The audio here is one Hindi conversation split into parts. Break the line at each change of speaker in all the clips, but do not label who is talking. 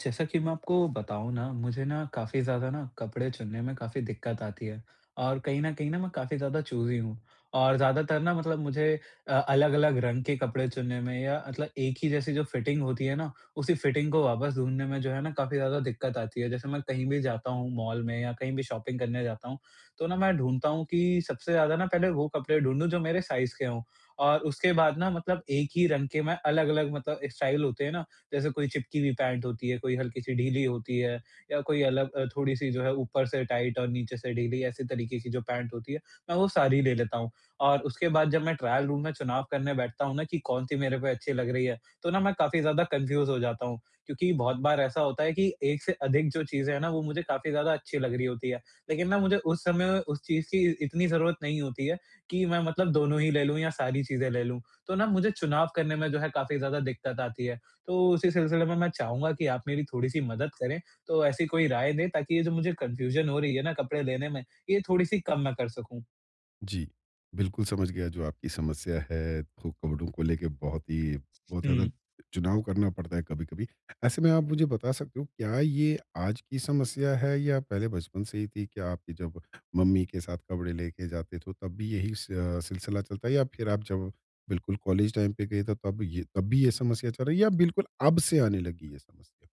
जैसा कि मैं आपको बताऊँ ना, मुझे ना काफ़ी ज़्यादा ना कपड़े चुनने में काफ़ी दिक़्क़त आती है। और कहीं न कहीं न, मैं काफ़ी ज़्यादा चूज़ी हूँ। और ज़्यादातर ना मतलब मुझे अ, अलग-अलग रंग के कपड़े चुनने में या मतलब एक ही जैसी जो फ़िटिंग होती है ना, उसी फ़िटिंग को वापस ढूँढने में जो है ना काफ़ी ज़्यादा दिक़्क़त आती है। जैसे मैं कहीं भी जाता हूँ मॉल में या कहीं भी शॉपिंग करने जाता हूँ। तो ना, मैं ढूँढता हूँ कि सबसे ज़्यादा ना पहले वो कपड़े ढूँढूँ जो मेरे साइज़ के हो और उसके बाद ना मतलब एक ही रंग के मैं अलग-अलग मतलब स्टाइल होते हैं ना जैसे कोई चिपकी हुई पैंट होती है, कोई हल्की-सी ढीली होती है या कोई अलग अ, थोड़ी-सी जो है ऊपर से टाइट और नीचे से ढीली ऐसी तरीके की जो पैंट होती है मैं वो सारी ले लेता हूँ। और उसके बाद जब मैं ट्रायल रूम में चुनाव करने बैठता हूँ ना कि कौन-सी मेरे पे अच्छी लग रही है तो ना, मैं काफ़ी ज़्यादा कन्फ्यूज़ हो जाता हूँ। क्योंकि बहुत बार ऐसा होता है कि एक से अधिक जो चीज़ें हैं ना, वो मुझे काफ़ी ज़्यादा अच्छी लग रही होती हैं। लेकिन ना मुझे उस समय में उस चीज़ की इतनी ज़रूरत नहीं होती है कि मैं मतलब दोनों ही ले लूँ या सारी चीज़ें ले लूँ। तो ना मुझे चुनाव करने में जो है काफ़ी ज़्यादा दिक़्क़त आती है। तो उसी सिलसिले में मैं चाहूँगा कि आप मेरी थोड़ी-सी मदद करें। तो ऐसी कोई राय दें ताकि ये जो मुझे कन्फ्यूज़न हो रही है ना कपड़े लेने में ये थोड़ी-सी कम मैं कर सकूँ।
जी। बिल्कुल, समझ गया जो आपकी समस्या है तो कपड़ों को लेके बहुत ही बहुत ज़्यादा
हुँ।
चुनाव करना पड़ता है कभी-कभी। ऐसे में आप मुझे बता सकते हो क्या ये आज की समस्या है या पहले बचपन से ही थी? क्या आपकी जब मम्मी के साथ कपड़े लेके जाते तो तब भी यही स अ, सिलसिला चलता है या फिर आप जब बिल्कुल कॉलेज टाइम पे गए तब ये तब भी ये समस्या चल रही है या बिल्कुल अब से आने लगी ये समस्या?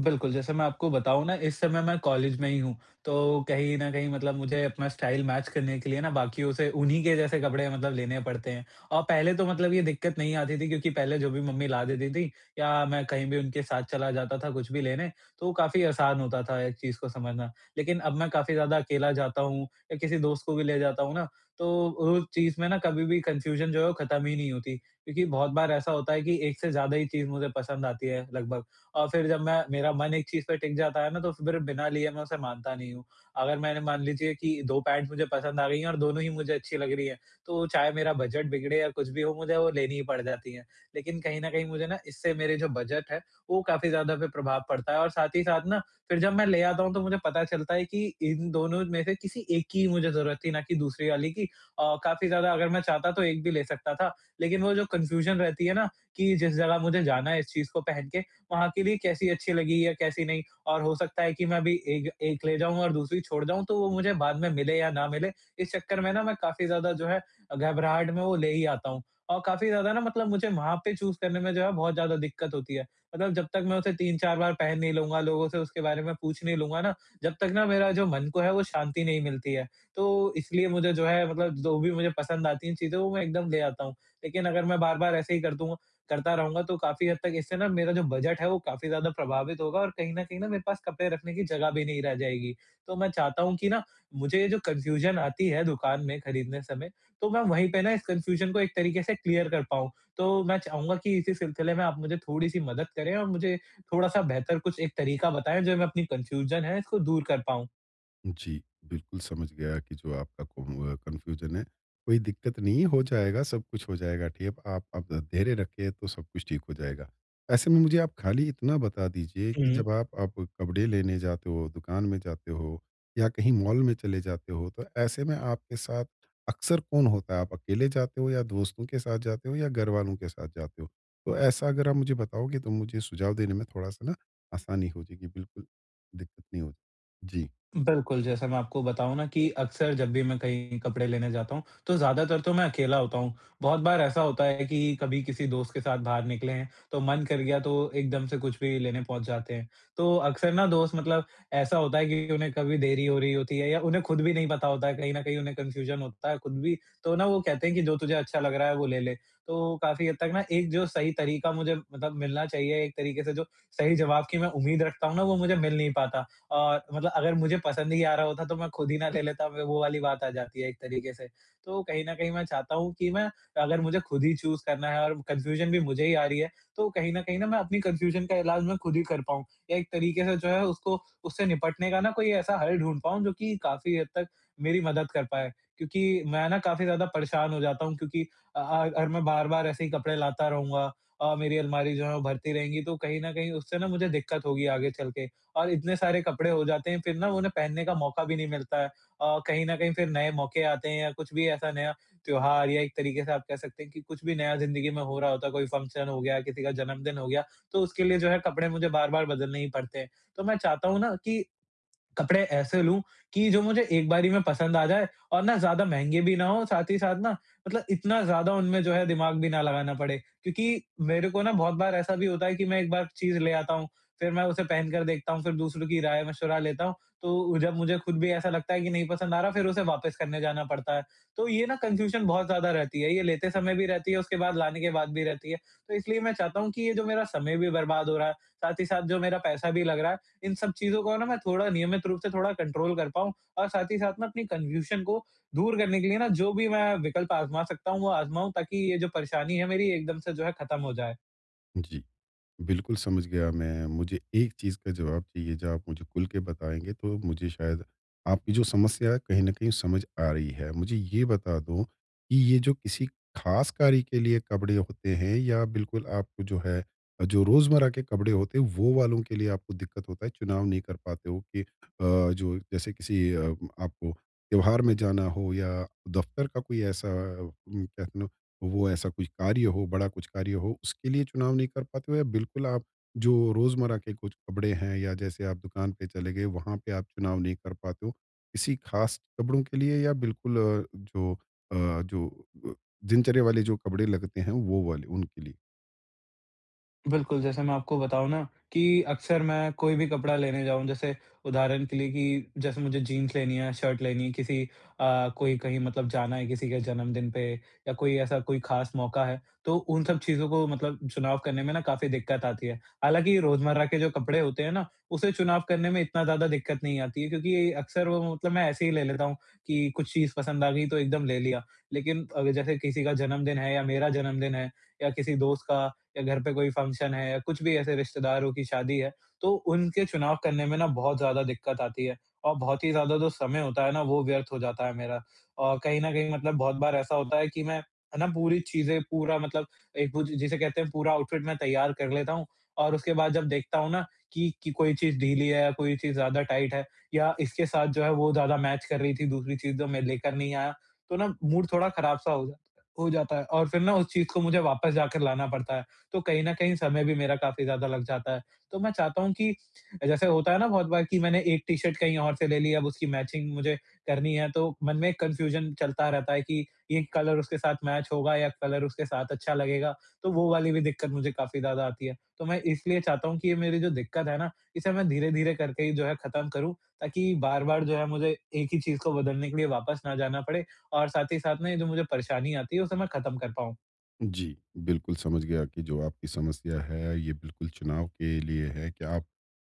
बिल्कुल, जैसे मैं आपको बताऊँ ना इस समय मैं कॉलेज में ही हूँ, तो कहीं न कहीं मतलब मुझे अपना स्टाइल मैच करने के लिए ना बाकियों से उन्हीं के जैसे कपड़े मतलब लेने पड़ते हैं। अ, पहले तो मतलब ये दिक्कत नहीं आती थी क्योंकि पहले जो भी मम्मी ला देती थी या मैं कहीं भी उनके साथ चला जाता था कुछ भी लेने तो काफ़ी आसान होता था एक चीज़ को समझना। लेकिन अब मैं काफ़ी ज़्यादा अकेला जाता हूँ या किसी दोस्त को भी ले जाता हूँ ना, तो उस चीज़ में ना कभी भी कन्फ़्यूज़न जो है वो खत्म ही नहीं होती क्योंकि बहुत बार ऐसा होता है कि एक से ज़्यादा ही चीज़ मुझे पसंद आती है लगभग, और फिर जब मैं मेरा मन एक चीज़ पे टिक जाता है ना तो फिर बिना लिए मैं उसे मानता नहीं हूँ। अगर मैंने मान लीजिए कि 2 पैन्ट मुझे पसंद आ गई हैं और दोनों ही मुझे अच्छी लग रही हैं तो चाहे मेरा बजट बिगड़े या कुछ भी हो मुझे वो लेनी ही पड़ जाती है। लेकिन कहीं न कहीं मुझे ना इससे मेरे जो बजट है वो काफ़ी ज़्यादा फिर प्रभाव पड़ता है और साथ ही साथ ना फिर जब मैं ले आता हूँ तो मुझे पता चलता है कि इन दोनों में से किसी एक की मुझे ज़रूरत थी ना कि दूसरी वाली की अ, काफ़ी ज़्यादा अगर मैं चाहता तो एक भी ले सकता था। लेकिन वो जो कन्फ़्यूज़न रहती है ना कि जिस जगह मुझे जाना है इस चीज़ को पहन के वहाँ के लिए कैसी अच्छी लगी या कैसी नहीं, और हो सकता है कि मैं अभी एक एक ले जाऊँ और दूसरी छोड़ जाऊँ तो वो मुझे बाद में मिले या ना मिले, इस चक्कर में ना मैं काफ़ी ज़्यादा जो है घबराहट में वो ले ही आता हूँ। औ काफ़ी ज़्यादा ना मतलब मुझे वहाँ पे चूज़ करने में जो है बहुत ज़्यादा दिक्कत होती है। मतलब जब तक मैं उसे 3-4 बार पहन नहीं लूँगा लोगों से उसके बारे में पूछ नहीं लूँगा ना, जब तक ना मेरा जो मन को है वो शांति नहीं मिलती है, तो इसलिए मुझे जो है मतलब जो भी मुझे पसंद आती है चीज़ें वो मैं एकदम ले आता हूँ। लेकिन अगर मैं बार-बार ऐसे ही कर दूँ करता रहूँगा तो काफ़ी हद तक इससे ना मेरा जो बजट है वो काफ़ी ज़्यादा प्रभावित होगा और कहीं न कहीं ना मेरे पास कपड़े रखने की जगह भी नहीं रह जाएगी। तो मैं चाहता हूँ कि ना मुझे ये जो कन्फ़्यूज़न आती है दुकान में खरीदने समय तो मैं वहीं पे ना इस कन्फ़्यूज़न को एक तरीक़े से क्लियर कर पाऊँ। तो मैं चाहूँगा कि इसी सिलसिले में आप मुझे थोड़ी-सी मदद करें और मुझे थोड़ा-सा बेहतर कुछ एक तरीक़ा बताएँ जो मैं अपनी कन्फ़्यूज़न है इसको दूर कर पाऊँ।
जी। बिल्कुल, समझ गया कि जो आपका कुनवा कन्फ़्यूजन है। कोई दिक्कत नहीं है हो जाएगा, सब कुछ हो जाएगा ठीक। आप आप धैर्य रखें तो सब कुछ ठीक हो जाएगा। ऐसे में मुझे आप खाली इतना बता दीजिए कि
हुँ।
जब आप आप कपड़े लेने जाते हो, दुकान में जाते हो या कहीं मॉल में चले जाते हो तो ऐसे में आपके साथ अक्सर कौन होता है? आप अकेले जाते हो या दोस्तों के साथ जाते हो या घरवालों के साथ जाते हो? तो ऐसा अगर आप मुझे बताओगे तो मुझे सुझाव देने में थोड़ा-सा न आसानी हो जाएगी, बिल्कुल दिक्कत नहीं होगी। जी।
बिल्कुल, जैसा मैं आपको बताऊँ न कि अक्सर जब भी मैं कहीं कपड़े लेने जाता हूँ तो ज़्यादातर तो मैं अकेला होता हूँ। बहुत बार ऐसा होता है कि कभी किसी दोस्त के साथ बाहर निकले हैं तो मन कर गया तो एकदम से कुछ भी लेने पहुँच जाते हैं। तो अक्सर न दोस्त मतलब ऐसा होता है कि उन्हें कभी देरी हो रही होती है या उन्हें ख़ुद भी नहीं पता होता है, कहीं न कहीं उन्हें कन्फ़्यूजन होता है ख़ुद भी तो न वो कहते हैं कि जो तुझे अच्छा लग रहा है वो ले ले। तो काफ़ी हद तक न एक जो सही तरीक़ा मुझे मतलब मिलना चाहिए, एक तरीक़े से जो सही जवाब की मैं उम्मीद रखता हूँ न वो मुझे मिल नहीं पाता। अ, मतलब अगर मुझे पसंद ही आ रहा होता तो मैं ख़ुद ही ना ले लेता? वो वाली बात आ जाती है एक तरीक़े से। तो कहीं न कहीं मैं चाहता हूँ कि मैं अगर मुझे ख़ुद ही चूज़ करना है और कन्फ़्यूजन भी मुझे ही आ रही है तो कहीं न कहीं न मैं अपनी कन्फ़्यूजन का इलाज मैं ख़ुद ही कर पाऊँ। या एक तरीक़े से जो है उसको उससे निपटने का न कोई ऐसा हल ढूँढ पाऊँ जो कि काफ़ी हद तक मेरी मदद कर पाए। क्योंकि मैं न काफ़ी ज़्यादा परेशान हो जाता हूँ क्योंकि अ अ, अगर मैं बार-बार ऐसे ही कपड़े लाता रहूँगा और मेरी अलमारी जो है वो भरती रहेंगी तो कहीं न कहीं उससे न मुझे दिक्कत होगी आगे चल के। और इतने सारे कपड़े हो जाते हैं फिर न वो उन्हें पहनने का मौक़ा भी नहीं मिलता है। अ, कहीं न कहीं फिर नए मौक़े आते हैं या कुछ भी ऐसा नया त्योहार या एक तरीक़े से आप कह सकते हैं कि कुछ भी नया ज़िन्दगी में हो रहा होता है कोई फ़ंक्शन हो गया, किसी का जन्मदिन हो गया तो उसके लिए जो है कपड़े मुझे बार-बार बदलने ही पड़ते हैं। तो मैं चाहता हूँ न कि कपड़े ऐसे लूँ कि जो मुझे एक बारी में पसंद आ जाए और ना ज़्यादा महँगे भी ना हों, साथ ही साथ न मतलब इतना ज़्यादा उनमें जो है दिमाग़ भी ना लगाना पड़े। क्योंकि मेरे को न बहुत बार ऐसा भी होता है कि मैं एक बार चीज़ ले आता हूँ फिर मैं उसे पहन कर देखता हूँ फिर दूसरों की राय-मशवरा लेता हूँ। तो उ जब मुझे ख़ुद भी ऐसा लगता है कि नहीं पसंद आ रहा है फिर उसे वापस करने जाना पड़ता है। तो ये न कन्फ़्यूजन बहुत ज़्यादा रहती है। ये लेते समय भी रहती है, उसके बाद लाने के बाद भी रहती है। तो इसलिए मैं चाहता हूँ कि ये जो मेरा समय भी बर्बाद हो रहा है। साथ ही साथ जो मेरा पैसा भी लग रहा है। इन सब चीज़ों को न मैं थोड़ा नियमित रूप से थोड़ा कंट्रोल कर पाऊँ और साथ ही साथ मैं अपनी कन्फ़्यूजन को दूर करने के लिए न जो भी मैं विकल्प आज़मा सकता हूँ वो आज़माऊँ ताकि ये जो परेशानी है मेरी एकदम से जो है ख़त्म हो जाए।
जी। बिल्कुल समझ गया मैं, मुझे एक चीज़ का जवाब चाहिए जो आप मुझे खुल के बताएँगे तो मुझे शायद आपकी जो समस्या है कहीं न कहीं समझ आ रही है। मुझे ये बता दो कि ये जो किसी खास कार्य के लिए कपड़े होते हैं या बिल्कुल आपको जो है जो रोज़मर्रा के कपड़े होते हैं वो वालों के लिए आपको दिक्कत होता है चुनाव नहीं कर पाते हो कि अ, जो जैसे किसी अ, आपको त्योहार में जाना हो या दफ़्तर का कोई ऐसा कह नो वो ऐसा कुछ कार्य हो बड़ा कुछ कार्य हो उसके लिए चुनाव नहीं कर पाते हो या बिल्कुल आप जो रोज़मर्रा के कुछ कपड़े हैं या जैसे आप दुकान पे चले गए वहाँ पे आप चुनाव नहीं कर पाते हो? किसी खास कपड़ों के लिए या बिल्कुल अ, जो अ, जो अ, दिनचर्या वाले जो कपड़े लगते हैं वो वाले उनके लिए?
बिल्कुल, जैसे मैं आपको बताऊँ न कि अक्सर मैं कोई भी कपड़ा लेने जाऊँ जैसे उदाहरण के लिए कि जैसे मुझे जीन्स लेनी है, शर्ट लेनी है किसी अ, कोई कहीं मतलब जाना है किसी के जन्मदिन पे या कोई ऐसा कोई खास मौका है तो उन सब चीज़ों को मतलब चुनाव करने में ना काफ़ी दिक्कत आती है। हालाँकि रोज़मर्रा के जो कपड़े होते हैं ना उसे चुनाव करने में इतना ज़्यादा दिक्कत नहीं आती है क्योंकि अक्सर वो मतलब मैं ऐसे ही ले लेता हूँ कि कुछ चीज़ पसंद आ गई तो एकदम ले लिया। लेकिन अग जैसे किसी का जन्मदिन है या मेरा जन्मदिन है या किसी दोस्त का या घर पे कोई फ़ंक्शन है या कुछ भी ऐसे रिश्तेदारों की शादी है तो उनके चुनाव करने में ना बहुत ज़्यादा दिक्कत आती है और बहुत ही ज़्यादा जो समय होता है ना वो व्यर्थ हो जाता है मेरा। औ कहीं न कहीं मतलब बहुत बार ऐसा होता है कि मैं, है ना पूरी चीज़ें पूरा मतलब एक वो जि जिसे कहते हैं पूरा आउटफ़िट मैं तैयार कर लेता हूँ और उसके बाद जब देखता हूँ ना कि, कि कोई चीज़ ढीली है या कोई चीज़ ज़्यादा टाइट है या इसके साथ जो है वो ज़्यादा मैच कर रही थी दूसरी चीज़ जो मैं लेकर नहीं आया तो ना मूड थोड़ा ख़राब सा हो जाता हो जाता है और फिर न उस चीज़ को मुझे वापस जाकर लाना पड़ता है। तो कहीं न कहीं समय भी मेरा काफ़ी ज़्यादा लग जाता है। तो मैं चाहता हूँ कि जैसे होता है ना बहुत बार कि मैंने एक टी-शर्ट कहीं और से ले ली है अब उसकी मैचिंग मुझे करनी है तो मन में एक कन्फ़्यूजन चलता रहता है कि ये कलर उसके साथ मैच होगा या कलर उसके साथ अच्छा लगेगा तो वो वाली भी दिक्कत मुझे काफ़ी ज़्यादा आती है। तो मैं इसलिए चाहता हूँ कि ये मेरी जो दिक्कत है ना इसे मैं धीरे-धीरे करके ही जो है ख़त्म करूँ ताकि बार-बार जो है मुझे एक ही चीज़ को बदलने के लिए वापस ना जाना पड़े और साथ ही साथ में ये जो मुझे परेशानी आती है उसे मैं ख़त्म कर पाऊँ।
जी, बिल्कुल समझ गया कि जो आपकी समस्या है। ये बिल्कुल चुनाव के लिए है कि आप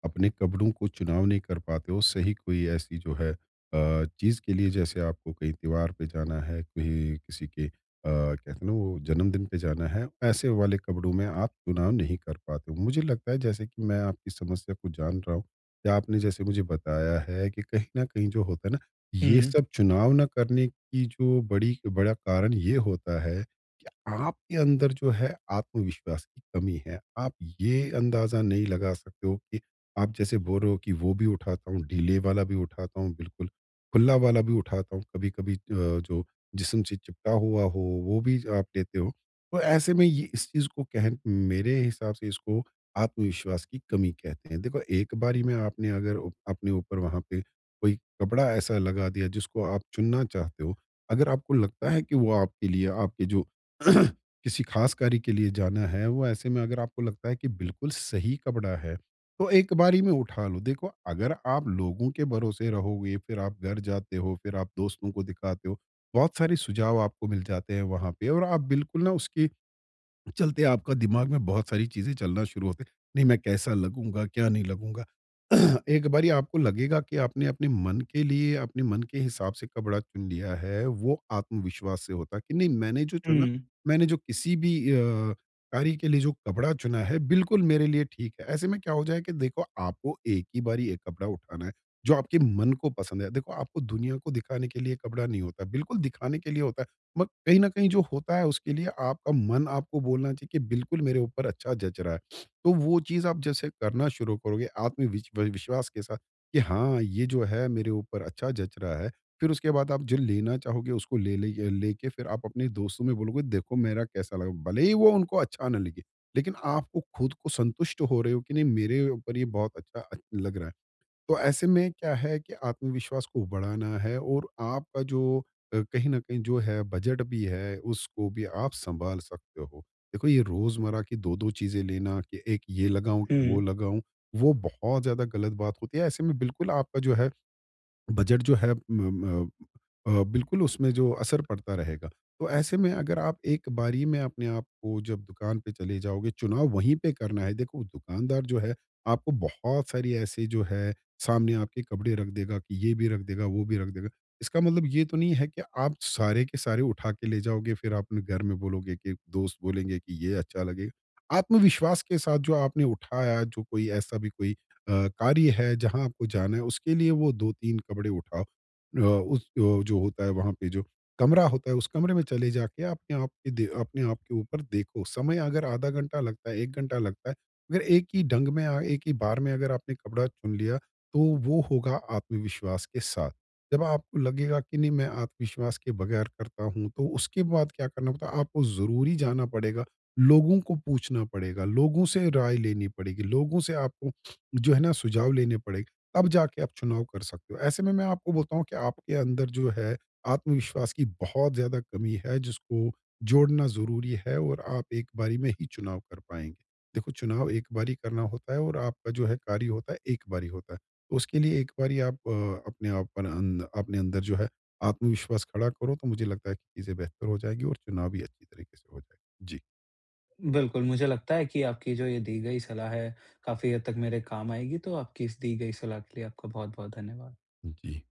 अपने कपड़ों को चुनाव नहीं कर पाते हो सही कोई ऐसी जो है अ, चीज़ के लिए जैसे आपको कहीं त्योहार पे जाना है कहीं किसी के अ, कहते हैं ना वो जन्मदिन पे जाना है ऐसे वाले कपड़ों में आप चुनाव नहीं कर पाते हो। मुझे लगता है जैसे कि मैं आपकी समस्या को जान रहा हूँ या आपने जैसे मुझे बताया है कि कहीं न कहीं जो होता है ना ये
हुँ।
सब चुनाव ना करने की जो बड़ी बड़ा कारण ये होता है कि आपके अंदर जो है आत्मविश्वास की कमी है। आप ये अंदाज़ा नहीं लगा सकते हो कि आप जैसे बोल रहे हो कि वो भी उठाता हूँ ढीले वाला भी उठाता हूँ बिल्कुल, खुल्ला वाला भी उठाता हूँ कभी-कभी अ, जो जिस्म से चिपका हुआ हो वो भी आप ज लेते हो। तो ऐसे में ये इस चीज़ को कह मेरे हिसाब से इसको आत्मविश्वास की कमी कहते हैं। देखो, एक बारी में आपने अगर अपने ऊपर वहाँ पे कोई कपड़ा ऐसा लगा दिया जिसको आप चुनना चाहते हो। अगर आपको लगता है कि वो आपके लिए आपके जो किसी ख़ास कार्य के लिए जाना है, वो ऐसे में अगर आपको लगता है कि बिल्कुल सही कपड़ा है। तो एक बारी में उठा लो। देखो अगर आप लोगों के भरोसे रहोगे, फ़िर आप घर जाते हो, फ़िर आप दोस्तों को दिखाते हो। बहुत सारे सुझाव आपको मिल जाते हैं वहाँ पे और आप बिल्कुल ना उसके चलते आपका दिमाग में बहुत सारी चीज़ें चलना शुरू होते हैं। नहीं मैं कैसा लगूँगा, क्या नहीं लगूँगा। एक बारी आपको लगेगा कि आपने अपने मन के लिए अपने मन के हिसाब से कपड़ा चुन लिया है। वो आत्मविश्वास से होता है कि नहीं मैंने जो चुना
हुँ।
मैंने जो किसी भी अ, कार्य के लिए जो कपड़ा चुना है बिल्कुल मेरे लिए ठीक है। ऐसे में क्या हो जाए कि देखो आपको एक ही बारी एक कपड़ा उठाना है। जो आपके मन को पसंद है। देखो आपको दुनिया को दिखाने के लिए कपड़ा नहीं होता। बिल्कुल दिखाने के लिए होता है। म कहीं न कहीं जो होता है उसके लिए आपका मन आपको बोलना चाहिए कि बिल्कुल मेरे ऊपर अच्छा जच रहा है। तो वो चीज़ आप जैसे करना शुरू करोगे आत्मविश्वा विश्वास के साथ कि हाँ ये जो है मेरे ऊपर अच्छा जच रहा है। फ़िर उसके बाद आप जो लेना चाहोगे उसको ले ले लेके फ़िर आप अपने दोस्तों में बोलोगे देखो मेरा कैसा लगा। भले ही वो उनको अच्छा ना लगे। लेकिन आपको ख़ुद को संतुष्ट हो रहे हो कि नहीं मेरे ऊपर ये बहुत अच्छा लग रहा है। तो ऐसे में क्या है कि आत्मविश्वास को बढ़ाना है और आपका जो अ, कहीं न कहीं जो है बजट भी है उसको भी आप संभाल सकते हो। देखो ये रोज़मर्रा की 2-2 चीजें लेना कि 1 ये लगाऊँ कि वो
हुँ।
लगाऊँ। वो बहुत ज़्यादा गलत बात होती है। ऐसे में बिल्कुल आपका जो है बजट जो है म म अ, बिल्कुल उसमें जो असर पड़ता रहेगा। तो ऐसे में, अगर आप एक बारी में अपने आपको जब दुकान पे चले जाओगे, चुनाव वहीं पे करना है। देखो, दुकानदार जो है आपको बहुत सारी ऐसे जो है सामने आपके कपड़े रख देगा कि ये भी रख देगा वो भी रख देगा। इसका मतलब ये तो नहीं है कि आप सारे के सारे उठा के ले जाओगे फ़िर आप अपने घर में बोलोगे कि दोस्त बोलेंगे कि ये अच्छा लगेगा। आत्मविश्वास के साथ जो आपने उठाया जो कोई ऐसा भी कोई अ, कार्य है जहाँ आपको जाना है उसके लिए वो 2-3 कपड़े उठाओ। अ, उस अ, जो होता है वहाँ पे जो कमरा होता है उस कमरे में चले जाके अपने आप दे अपने आप आपके ऊपर देखो। समय अगर आधा घंटा लगता है, 1 घंटा लगता है। मगर एक ही ढंग में अ, एक ही बार में अगर आपने कपड़ा चुन लिया तो वो होगा आत्मविश्वास के साथ। जब आपको लगेगा कि नहीं मैं आत्मविश्वास के बगैर करता हूँ तो उसके बाद क्या करना पड़ता है? आपको ज़रूरी जाना पड़ेगा। लोगों को पूछना पड़ेगा। लोगों से राय लेनी पड़ेगी। लोगों से आपको जो है ना सुझाव लेने पड़ेंगे तब जाके आप चुनाव कर सकते हो। ऐसे में मैं आपको बोलता हूँ कि आपके अंदर जो है आत्मविश्वास की बहुत ज़्यादा कमी है जिसको जोड़ना ज़रूरी है और आप एक बारी में ही चुनाव कर पाएँगे। देखो चुनाव एक बार ही करना होता है और आपका जो है कार्य होता है एक बार ही होता है। तो उसके लिए एक बारी आप अ, अपने आप अं, अपने अंदर जो है आत्मविश्वास खड़ा करो तो मुझे लगता है कि चीज़ें बेहतर हो जाएँगी और चुनाव भी अच्छी तरीके से हो जाएगा। जी।
बिल्कुल मुझे लगता है कि आपकी जो ये दी गई सलाह है काफ़ी हद तक मेरे काम आएगी। तो आपकी इस दी गई सलाह के लिए आपका बहुत-बहुत धन्यवाद।
जी।